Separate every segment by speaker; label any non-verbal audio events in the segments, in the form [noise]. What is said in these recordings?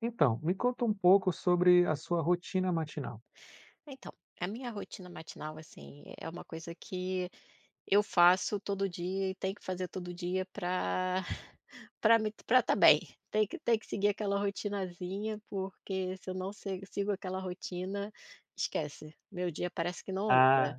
Speaker 1: Então, me conta um pouco sobre a sua rotina matinal.
Speaker 2: Então, a minha rotina matinal, assim, é é uma coisa que eu faço todo dia, e tenho que fazer todo dia pra [chuckles] pra mim t pra estar bem, tem que tem que seguir aquela rotinazinha, porque se eu não sego sigo aquela rotina, esquece, meu dia parece que não
Speaker 1: Ah,
Speaker 2: anda.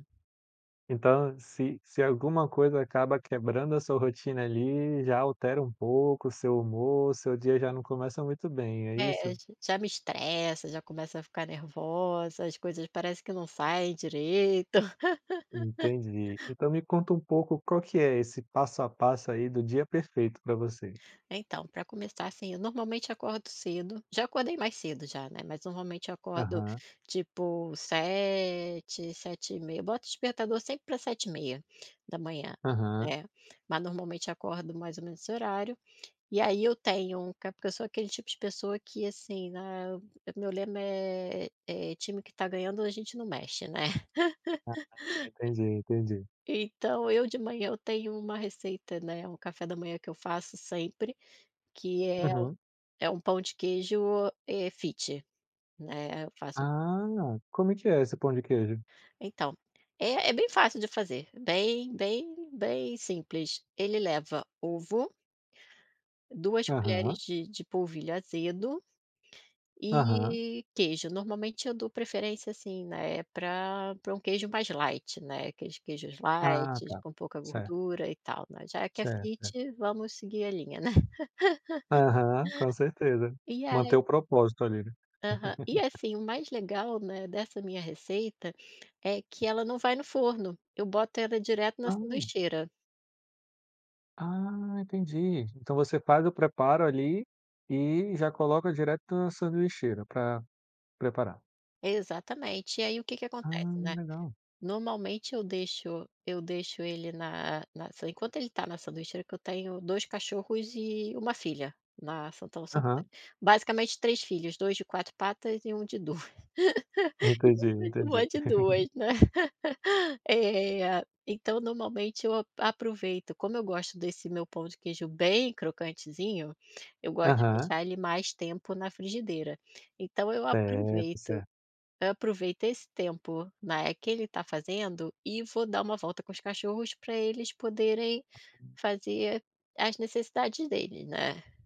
Speaker 1: então se se alguma coisa acaba quebrando a sua rotina, ali, já altera um pouco o seu humor, o seu dia já não começa muito bem, é
Speaker 2: É,
Speaker 1: isso?
Speaker 2: j já me estressa, já começa a ficar nervosa, as coisas parece que não saem direito.
Speaker 1: Entendi.
Speaker 2: [laughs]
Speaker 1: Então me conta um pouco qual que é esse passo a passo, aí, do dia perfeito pra você.
Speaker 2: Então, pra começar, assim, eu normalmente acordo cedo já acordei mais cedo já, né, mas normalmente acordo,
Speaker 1: Aham.
Speaker 2: tipo 7, 7h30, boto despertador sempre pra 7h30.
Speaker 1: Aham.
Speaker 2: É. Mas normalmente acordo mais ou menos esse horário, e aí eu tenho um ca porque eu sou aquele tipo de pessoa que, assim, né, eu meu lema é é "time que está ganhando, a gente não mexe, né". [laughs]
Speaker 1: Ah, entendi, entendi.
Speaker 2: Então, eu de manhã, eu tenho uma receita, né, um café da manhã que eu faço sempre, que é u
Speaker 1: Uhum.
Speaker 2: é um pão de queijo, eh, fit, né, eu faço
Speaker 1: Ah, como é que é esse pão de queijo?
Speaker 2: Então, é é bem fácil de fazer, bem, bem, bem simples. Ele leva ovo 2 colheres
Speaker 1: Aham.
Speaker 2: de de polvilho azedo
Speaker 1: Aham.
Speaker 2: e queijo. Normalmente eu dou preferência, assim, né, pra pra um queijo mais light, né, aqueles queijos
Speaker 1: Ah,
Speaker 2: lights,
Speaker 1: tá.
Speaker 2: com pouca
Speaker 1: Certo.
Speaker 2: gordura, e tal, né. Já é que é
Speaker 1: Certo, certo.
Speaker 2: fit, vamos seguir a linha, né.
Speaker 1: Aham, com
Speaker 2: [laughs]
Speaker 1: certeza.
Speaker 2: E
Speaker 1: Manter
Speaker 2: aí
Speaker 1: o propósito, ali, né.
Speaker 2: Aham. E
Speaker 1: [laughs]
Speaker 2: assim, o mais legal, né, dessa minha receita, é que ela não vai no forno, eu boto ela direto na
Speaker 1: Hum.
Speaker 2: sanduicheira.
Speaker 1: Ah, entendi. Então você faz o preparo, ali, e já coloca direto na sanduicheira pra preparar.
Speaker 2: Exatamente. E aí o que que acontece,
Speaker 1: Ah,
Speaker 2: né,
Speaker 1: legal.
Speaker 2: normalmente eu deixo eu deixo ele na na [unintelligible] enquanto ele está na sanduicheira, que eu tenho 2 cachorros e 1 filha na são tão são
Speaker 1: Aham.
Speaker 2: basicamente 3 filhos, 2 de 4 patas, e 1 de 2,
Speaker 1: Entendi, entendi.
Speaker 2: de 2
Speaker 1: [chuckles]
Speaker 2: né. [laughs] Eh, então normalmente eu ap aproveito, como eu gosto desse meu pão de queijo bem crocantezinho, eu gosto de
Speaker 1: Aham.
Speaker 2: deixar ele mais tempo na frigideira, então eu
Speaker 1: Certo,
Speaker 2: aproveito
Speaker 1: certo.
Speaker 2: aproveito esse tempo, né, que ele está fazendo, e vou dar uma volta com os cachorros, pra eles poderem fazer as necessidades deles, né.